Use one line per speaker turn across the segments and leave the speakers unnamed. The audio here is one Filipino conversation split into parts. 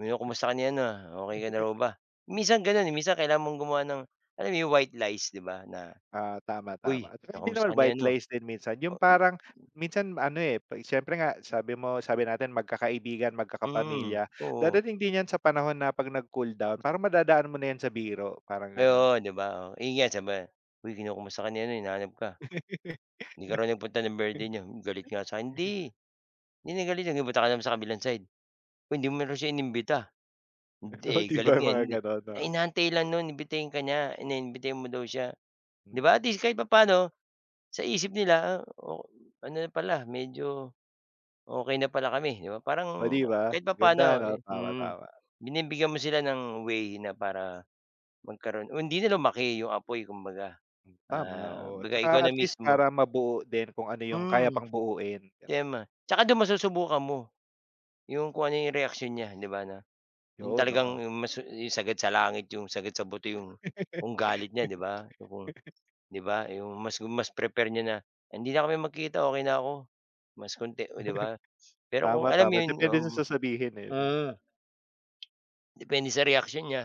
"Ayun, kumusta ka niyan, na? Okey ka na raw ba?" Minsan ganun, eh, minsan kailangan mong gumawa ng alam mo 'yong white lies, 'di ba, na,
Ah, tama
"Hoy,
tama. At saka hindi naman
kinakamusta ka ni
white
ano."
lies din minsan
Oh,
yung
u
parang minsan ano, eh, siyempre nga
Hmm.
sabi mo sabi natin magkakaibigan,
Hmm,
magkakapamilya.
oo.
Dadating din yan sa panahon na pag nag-cool down parang madadaan mo na yan sa biro, parang ganon.
Oh, 'di ba? Oo. Iyan saba "Huy, kinakamusta ka ni ano, hinahanap ka. Di ka raw nagpunta ng birthday niya. Hmm, galit nga sa'kin. Hindi, hindi na galit yun. Nagpunta ka naman sa kabilang side. Huy, hindi mo raw siya inimbita.
Oh,
Hindi
'di
galit
ba,
nga
mga
hindi.
ganon,
Eh,
no?
inaantay lang no'n imbitahin ka niya, na imbitahin mo daw siya." Di
Hmm.
ba, at least kahit papaano sa isip nila, eh, oh, hmm, ano rin pala medyo okey na pala kami, 'di ba?
Oh,
Parang
'di ba,
kahit
ganda
papaano,
ano,
eh
tama
hmm.
tama.
Binibigyan mo sila ng way na para magkaroon o hindi na lumaki 'yong apoy kumbaga.
Hmm, tama,
Ah,
oo,
baga ikaw
tsaka
na
at least
mismo
para mabuo din kung ano yung kaya
Hmm.
pang buuin, ganon.
Tama. Tsaka dun masusubukan mo 'yong kung ano 'yong reaksyon niya, 'di ba, 'no? 'Yong
Yun,
talagang
oo.
'yong masu 'yong sagad sa langit, 'yong sagad sa buto 'yong kung galit niya, 'di ba? O, kung di ba, 'yong mas gu mas prefer niya na, "Hindi na kami magkita, okey na ako." Mas konti, oh, 'di ba? Pero kung
Tama,
alam mo
tama
'yon, oo,
depende sa
mm.
sasabihin, eh, 'no?
Hmm. Depende sa reaksyon niya.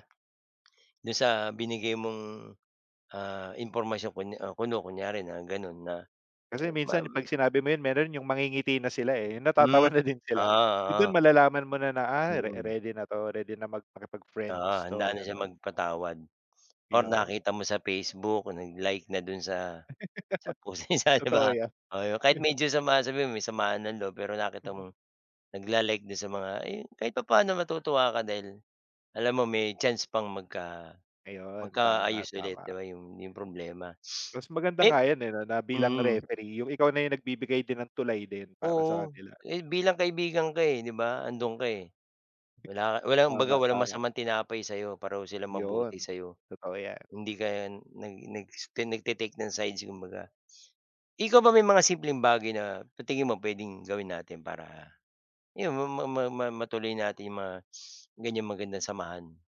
Do'n sa binigay mong, ah, impormasyon kunya o kuno kunyari na gano'n na,
Kasi
eh,
minsan
maw
'pag sinabi mo yun, meron yung mangingiti na sila, eh. Yung
Hmm,
natatawa na din
oo,
sila. Yun, dun
oo.
malalaman mo na na, ay re
Mm.
ready na 'to, ready na mag
Oo,
makipag-friends 'to,
handa na siya
ganon.
magpatawad or
Yun.
nakita mo sa Facebook, nag-like na do'n sa sa post niya sa 'di
Totoo
ba?
yan.
Oo, yung kahit medyo sama sabihin mo may samaan ng loob. Pero nakita
Mhm.
mong nagla-like do'n sa mga, eh yun, kahit papaano matutuwa ka dahil alam mo may chance pang magka
Ayun, tama,
magkaayos ulit, 'di
tama.
ba, 'yong, 'yong problema.
Mas maganda
Mem
nga yan, eh, na na bilang
mm.
referee yung ikaw na yung nagbibigay din ng tulay din para sa
Oo.
kanila.
Eh, bilang kaibigan ka, eh, 'di ba? 'Andoon ka, eh.
Heh.
Wala ka walang baga
Tama,
walang
tama.
masamang tinapay sa'yo pareho sila mabuti
Yun,
sa'yo.
totoo yan.
Hindi ka nag nag s tine nagta-take ng sides kumbaga. Ikaw ba may mga simpleng bagay na sa tingin mo puwedeng gawin natin para 'yon ma ma ma matuloy natin 'yong mga ganyang magandang samahan?